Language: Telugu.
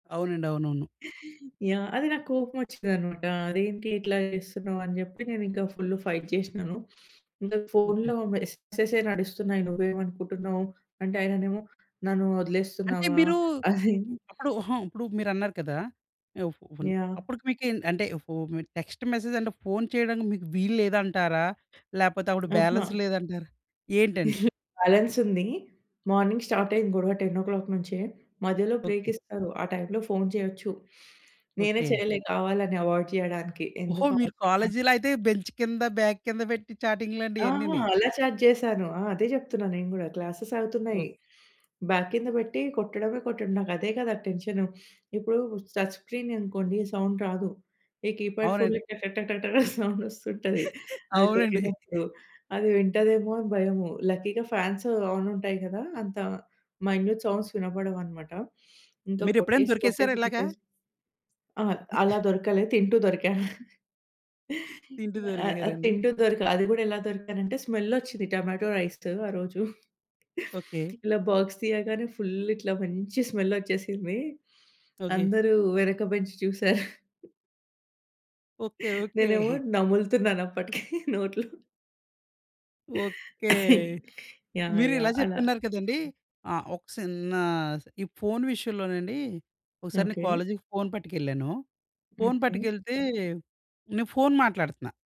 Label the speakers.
Speaker 1: అవునండి. అవునవును.
Speaker 2: యాహ్! అది నాకోపమోచ్చిందన్నమాట. అదేంటి ఇట్లా చేస్తున్నావు అని జెప్పి నేనింకా ఫుల్ ఫైట్ జేసినాను. ఇంగా
Speaker 1: ఓకే.
Speaker 2: ఫోన్‌లో మెసేజెసే నడుస్తున్నాయి. నువ్వేమనుకుంటున్నావు? అంటే ఆయనేమో నన్ను
Speaker 1: అంటే
Speaker 2: వదిలేస్తున్నావా
Speaker 1: మీరు
Speaker 2: అని?
Speaker 1: అప్పుడు హుహు ఇప్పుడు మీరన్నారు కదా!
Speaker 2: యాహ్!
Speaker 1: అప్పటికి మీకు అంటే ఓహ్! మీరు టెక్స్ట్ మెసేజ్ అంటే ఫోన్ చేయడానికి మీకు వీల్లేదంటారా? లేకపోతే అప్పుడు బ్యాలన్స్
Speaker 2: అహా!
Speaker 1: లేదంటారా? ఏంటండి?
Speaker 2: బాలన్సుంది. మార్నింగ్ స్టార్టయింది గొడవ 10:00 నుంచే మధ్యలో బ్రేక్
Speaker 1: ఓకే.
Speaker 2: ఇస్తారు. ఆ టైంలో ఫోన్ చేయొచ్చు. నేనే
Speaker 1: ఓకే.
Speaker 2: చేయలే కావాలని అవాయిడ్ చేయడానికి.
Speaker 1: ఓహో!
Speaker 2: ఎందుకు
Speaker 1: మీరు
Speaker 2: అవసరమా?
Speaker 1: కాలేజీలో అయితే బెంచ్ కింద బాగ్ కింద పెట్టి చాటింగ్ లండి
Speaker 2: ఆహా!
Speaker 1: ఇయన్నీని.
Speaker 2: అలా ఛాట్ జేశాను. ఆ! అదే జెప్తున్నా నేను గూడా క్లాసెసవుతున్నాయి.
Speaker 1: ఓక్
Speaker 2: బ్యాగ్ కింద బెట్టి కొట్టడమే కొట్టడం నాకదే కదా! టెన్షను. ఇప్పుడు టచ్ స్క్రీన్ అనుకోండి సౌండ్ రాదు. ఈ కీప్యాడ్ ఫోన్‌లో
Speaker 1: అవునండి.
Speaker 2: టటటట సౌండొస్తుంటది అది
Speaker 1: అవునండి.
Speaker 2: కొట్టినప్పుడు. అది వింటదేమో అని భయము. లక్కీగా ఫ్యాన్స్ ఆన్ ఉంటాయి గదా! అంత మై‌న్యూట్ సౌండ్స్ వినపడవున్నమాట. ఇంకా
Speaker 1: మీరేప్పుడైనా
Speaker 2: కొట్టేసి
Speaker 1: దొరికేసారా
Speaker 2: కొట్టేసి
Speaker 1: ఇలాగా?
Speaker 2: కొట్టేసి ఆ! అలా దొరకలే తింటూ దొరికా.
Speaker 1: తింటూ
Speaker 2: ఆ! ఆ!
Speaker 1: దొరికేసారండి?
Speaker 2: తింటూ దొరక. అది గూడా ఎలా దొరికానంటే స్మెల్ ఒచ్చింది టొమాటో రైస్‌తో ఆ రోజు.
Speaker 1: ఓకే.
Speaker 2: ఇలా బాక్స్ తీయగానే ఫుల్ ఇట్లా మంచి స్మెల్ ఒచ్చేసింది
Speaker 1: ఓకే.
Speaker 2: అందరూ వెనక బెంచి చూసారు.
Speaker 1: ఓకే. ఓకే.
Speaker 2: నేనేమో నములుతున్నానప్పటికి నోట్లో
Speaker 1: ఓకే.
Speaker 2: యాహ్!
Speaker 1: మీరిలా
Speaker 2: యాహ్! అలా
Speaker 1: చెప్తున్నారు కదండీ! ఆ! ఒక సిన్న ఈ ఫోన్ విషయంలోనండి ఒకసారి నేను
Speaker 2: ఓకే.
Speaker 1: కాలేజీకి ఫోన్ పట్టుకెళ్ళాను. Phone
Speaker 2: okay.
Speaker 1: పట్టుకెళ్తే నే ఫోన్ మాట్లాడుతున్నా.